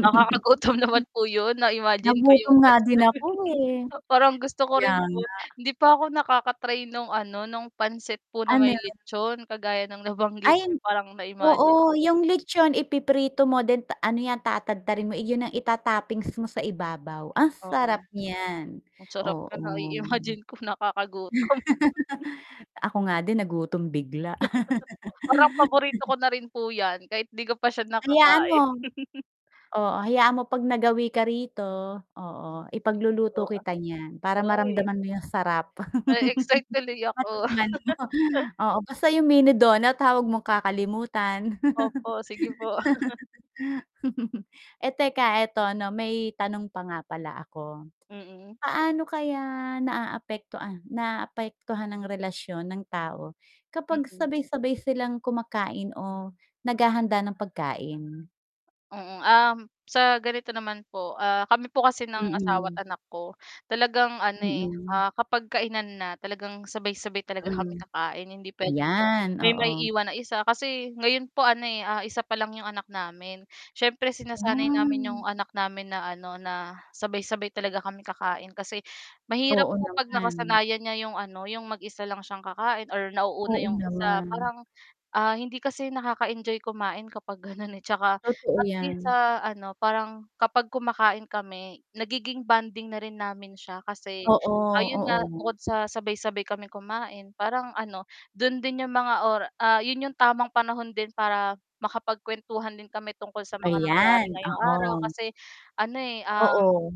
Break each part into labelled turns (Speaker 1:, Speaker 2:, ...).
Speaker 1: Nakakagutom naman po yun na-imagine ko
Speaker 2: nagutom
Speaker 1: yung
Speaker 2: nga
Speaker 1: pansit
Speaker 2: din ako, eh,
Speaker 1: parang gusto ko
Speaker 2: kaya
Speaker 1: rin
Speaker 2: nga.
Speaker 1: po hindi pa ako nakaka try nung ano nung pansit po na
Speaker 2: Ano?
Speaker 1: may litson kagaya ng
Speaker 2: Ay,
Speaker 1: nabanggit parang na-imagine
Speaker 2: oo,
Speaker 1: ko.
Speaker 2: yung litson ipiprito mo din ano yan tatadtarin mo, eh, yun ang itattoppings mo sa ibabaw ang sarap
Speaker 1: Oo.
Speaker 2: niyan,
Speaker 1: ang sarap ka
Speaker 2: oo.
Speaker 1: na-imagine ko nakakagutom.
Speaker 2: Ako nga din nagutom bigla.
Speaker 1: Parang paborito ko na rin po yan kahit di ko pa sya
Speaker 2: Hayaan mo,
Speaker 1: nakakain.
Speaker 2: oo, hayaan mo pag nagawi ka rito oo
Speaker 1: Sige
Speaker 2: ipagluluto
Speaker 1: po
Speaker 2: kita nyan para
Speaker 1: hoy!
Speaker 2: maramdaman mo yung sarap
Speaker 1: Na e excite tuloy ako.
Speaker 2: [unintelligible] oo, basta yung Mini donut tawag mong kakalimutan
Speaker 1: Opo, sige po.
Speaker 2: teka eto ano may tanong pa nga pala ako
Speaker 1: Mhm.
Speaker 2: paano kaya naaapektuha naapektuhan ang relasyon ng tao kapag
Speaker 1: Mhm.
Speaker 2: sabay sabay silang kumakain o naghahanda ng pagkain?
Speaker 1: Oo, ah, sa ganito naman po ah, kami po kasi ng asawa
Speaker 2: Mhm.
Speaker 1: at anak ko talagang ano, eh,
Speaker 2: Mhm.
Speaker 1: ah, kapag kainan na talagang sabay-sabay talaga
Speaker 2: Mhm,
Speaker 1: kami kakain hindi pwedeng
Speaker 2: yan,
Speaker 1: may
Speaker 2: oo.
Speaker 1: maiiwan na isa kasi ngayon po ano isa pa lang 'yong anak namin siyempre sinasanay namin
Speaker 2: Ah.
Speaker 1: 'yong anak namin na ano na sabay-sabay talaga kami kakain kasi mahirap
Speaker 2: Oo,
Speaker 1: po pag
Speaker 2: naman.
Speaker 1: nakasanayan niya yung ano yung mag-isa lang siyang kakain or nauuna
Speaker 2: Oo,
Speaker 1: 'yong isa
Speaker 2: naman.
Speaker 1: parang, ah, hindi kasi nakaka-enjoy kumain kapag ganon eh, tsaka
Speaker 2: Totoo
Speaker 1: at least
Speaker 2: yan.
Speaker 1: sa ano parang kapag kumakain kami nagiging bonding na rin namin siya kasi
Speaker 2: Oo,
Speaker 1: ayun nga
Speaker 2: oo.
Speaker 1: bukod sa sabay-sabay kaming kumain parang ano do'n din 'yong mga ora ah, 'yun 'yung tamang panahon din para makapagkuwentuhan din kami tungkol sa mga nangyari
Speaker 2: Ayan,
Speaker 1: ngayong araw
Speaker 2: oo.
Speaker 1: kasi ano
Speaker 2: Oo.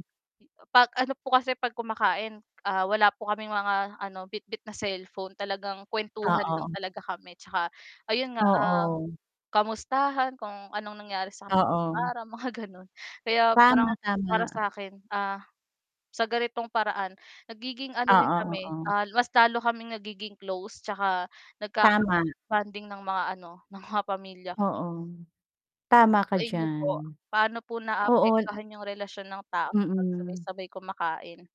Speaker 1: pag ano po kasi 'pag kumakain wala po kaming mga ano bitbit na cellphone talagang kuwentuhan
Speaker 2: Oo.
Speaker 1: lang talaga kami tsaka, ayun nga
Speaker 2: Oo.
Speaker 1: kamustahan kung anong nangyari sa kanila ngayong
Speaker 2: Oo.
Speaker 1: araw mga ganon kaya parang
Speaker 2: Tama
Speaker 1: para
Speaker 2: tama.
Speaker 1: sakin, ah, sa ganitong paraan nagiging ano din
Speaker 2: Oo
Speaker 1: kami
Speaker 2: oo.
Speaker 1: ah mas lalo kaming nagiging close tsaka
Speaker 2: Tama.
Speaker 1: nagkaka-bonding ng mga ano ng mga pamilya.
Speaker 2: Oo, tama ka
Speaker 1: Sa inyo
Speaker 2: diyan.
Speaker 1: po paano po
Speaker 2: oo.
Speaker 1: naapektuhan yung relasyon ng tao kapag
Speaker 2: Mhm.
Speaker 1: sabay-sabay kumakain?